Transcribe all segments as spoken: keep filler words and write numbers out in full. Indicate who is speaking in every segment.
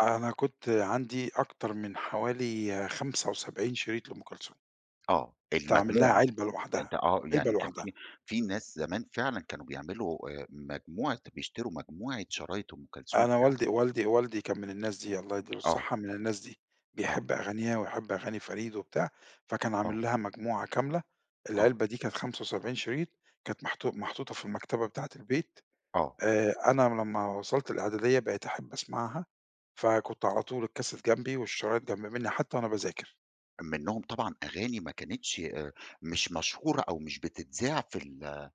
Speaker 1: أنا كنت عندي أكتر من حوالي خمسة وسبعين شريط لأم كلثوم.
Speaker 2: آه
Speaker 1: كنت عامل لها
Speaker 2: المجموعة
Speaker 1: علبة لوحدها،
Speaker 2: أنت آه
Speaker 1: علبة
Speaker 2: يعني كان
Speaker 1: لوحدها.
Speaker 2: في في ناس زمان فعلًا كانوا بيعملوا آآ مجموعة بيشتروا مجموعة شرايط أم كلثوم
Speaker 1: أنا
Speaker 2: فعلًا.
Speaker 1: والدي والدي والدي كان من الناس دي الله يدِّي له
Speaker 2: آه.
Speaker 1: الصحة من الناس دي،
Speaker 2: آه.
Speaker 1: بيحب أغانيها ويحب أغاني فريد وبتاع، فكان
Speaker 2: آه.
Speaker 1: عامل لها مجموعة كاملة،
Speaker 2: آه.
Speaker 1: العلبة دي كانت خمسة وسبعين شريط كانت محطو محطوطة في المكتبة بتاعة البيت
Speaker 2: آه.
Speaker 1: آآ أنا لما وصلت الإعدادية بقيت أحب أسمعها. فكنت على طول الكاسيت جنبي والشرايط جنب مني حتى وأنا باذاكر.
Speaker 2: منهم طبعًا أغاني ما كانتش آآ مش مشهورة أو مش بتتذاع في ال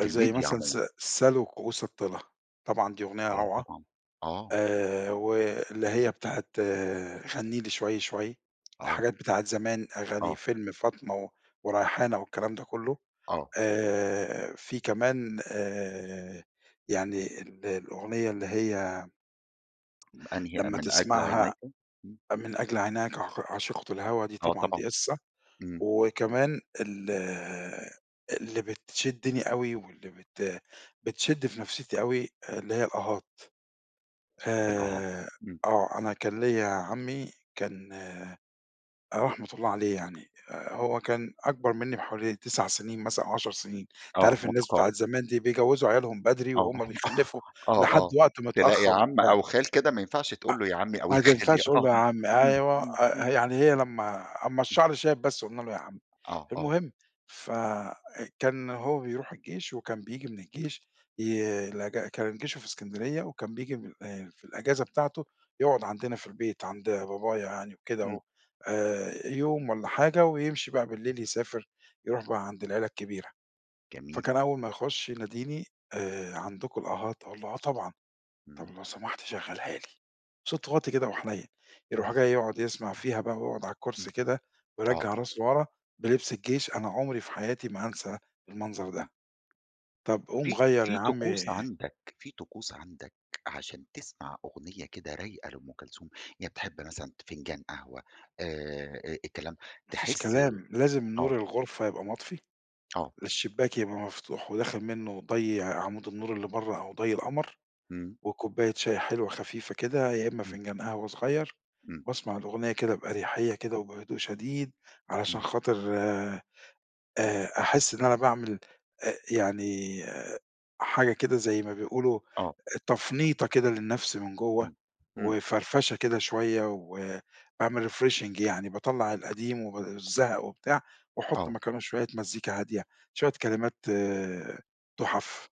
Speaker 2: في
Speaker 1: زي
Speaker 2: الميديا
Speaker 1: مثلًا س
Speaker 2: عمومًا.
Speaker 1: "سلوا كؤوس الطلا" طبعًا دي أغنية
Speaker 2: آه
Speaker 1: روعة.
Speaker 2: طبعًا آه.
Speaker 1: آآ واللي هي بتاعة "غنِّي لي شوي شوي،"
Speaker 2: آه.
Speaker 1: الحاجات بتاعة زمان أغاني
Speaker 2: آه.
Speaker 1: فيلم فاطمة و وريحانة والكلام ده كله.
Speaker 2: آه.
Speaker 1: آآ في كمان آآ يعني ال الأغنية اللي هي
Speaker 2: أنهي أ
Speaker 1: لما
Speaker 2: من أجل عينيك؟
Speaker 1: تسمعها من أجل عيناك ع عاشقة الهوا دي
Speaker 2: آه
Speaker 1: طبعًا
Speaker 2: طبعًا.
Speaker 1: دي قِصّة،
Speaker 2: إمم.
Speaker 1: وكمان ال اللي بتشدني أوي واللي بت بتشد في نفسيتي أوي اللي هي الأهات،
Speaker 2: الأها
Speaker 1: آآ
Speaker 2: إمم.
Speaker 1: آه أنا كان ليّا عمي كان رحمة الله عليه يعني آآ هو كان أكبر مني بحوالي تسع سنين مثلًا أو عشر سنين أنت
Speaker 2: آه
Speaker 1: عارف الناس بتاعة
Speaker 2: متقارب.
Speaker 1: زمان دي بيجوزوا عيالهم بدري
Speaker 2: آه
Speaker 1: وهم بيخلفوا
Speaker 2: آه
Speaker 1: لحد
Speaker 2: آه
Speaker 1: وقت
Speaker 2: تلاقي
Speaker 1: متأخر
Speaker 2: عم
Speaker 1: وبتاع.
Speaker 2: أو خال كده ما ينفعش
Speaker 1: أ
Speaker 2: تقول له يا عمي أو يا
Speaker 1: ما
Speaker 2: خالي
Speaker 1: تنفعش أقول
Speaker 2: آه
Speaker 1: له يا عمي
Speaker 2: إمم،
Speaker 1: أيوه،
Speaker 2: إمم،
Speaker 1: أ
Speaker 2: إمم.
Speaker 1: يعني هي لما أمّا
Speaker 2: [unintelligible]
Speaker 1: الشعر شاب بس قلنا له يا عمي.
Speaker 2: آه آه.
Speaker 1: المهم ف كان هو بيروح الجيش وكان بييجي من الجيش ي الإج كان جيشه في إسكندرية وكان بييجي من آآ في الإجازة بتاعته يقعد عندنا في البيت عند بابايا يعني وكده
Speaker 2: إمم.
Speaker 1: و آآ يوم والّا حاجة ويمشي بقى بالليل يسافر، يروح بقى عند العيلة الكبيرة.
Speaker 2: جميل.
Speaker 1: فكان أول ما يخش يناديني آآ عندكم الأهات، أقول له آه طبعًا طب
Speaker 2: امم.
Speaker 1: لو سمحت شغلها لي. صوته واطي كده وحنين، يروح جاي يقعد يسمع فيها بقى ويقعد على
Speaker 2: إمم
Speaker 1: الكرسي كده
Speaker 2: آه.
Speaker 1: ويرجّع راسه لورا بلبس الجيش أنا عمري في حياتي ما هانسى المنظر ده.
Speaker 2: إمم.
Speaker 1: طب قوم
Speaker 2: في
Speaker 1: غيّر يا
Speaker 2: في
Speaker 1: عمي
Speaker 2: طقوس عندك في طقوس عندك عشان تسمع أغنية كده رايقة لأم كلثوم يعني بتحب مثلًا فنجان قهوة؟ آآ أ الكلام
Speaker 1: ما فيش
Speaker 2: تحس
Speaker 1: كلام لازم
Speaker 2: آه.
Speaker 1: نور الغرفة يبقى مطفي،
Speaker 2: آه.
Speaker 1: الشباك يبقى مفتوح وداخل منه ضي عمود النور اللي برا أو ضي القمر،
Speaker 2: إمم.
Speaker 1: وكوباية شاي حلوة خفيفة كده يا إمّا
Speaker 2: إمم.
Speaker 1: فنجان قهوة صغير،
Speaker 2: إمم.
Speaker 1: باسمع الأغنية كده بأريحية كده وبهدوء شديد علشان
Speaker 2: إمم.
Speaker 1: خاطر، آآ، أحس إن أنا باعمل أ يعني حاجة كده زي ما بيقولوا
Speaker 2: آه.
Speaker 1: تفنيطة كده للنفس من جوا
Speaker 2: إمم إمم.
Speaker 1: وفرفشة كده شوية وباعمل refreshing يعني باطلّع القديم وب الزهق وبتاع وأحط
Speaker 2: آه.
Speaker 1: مكانة شوية مزيكا هادية، شوية كلمات تُحف.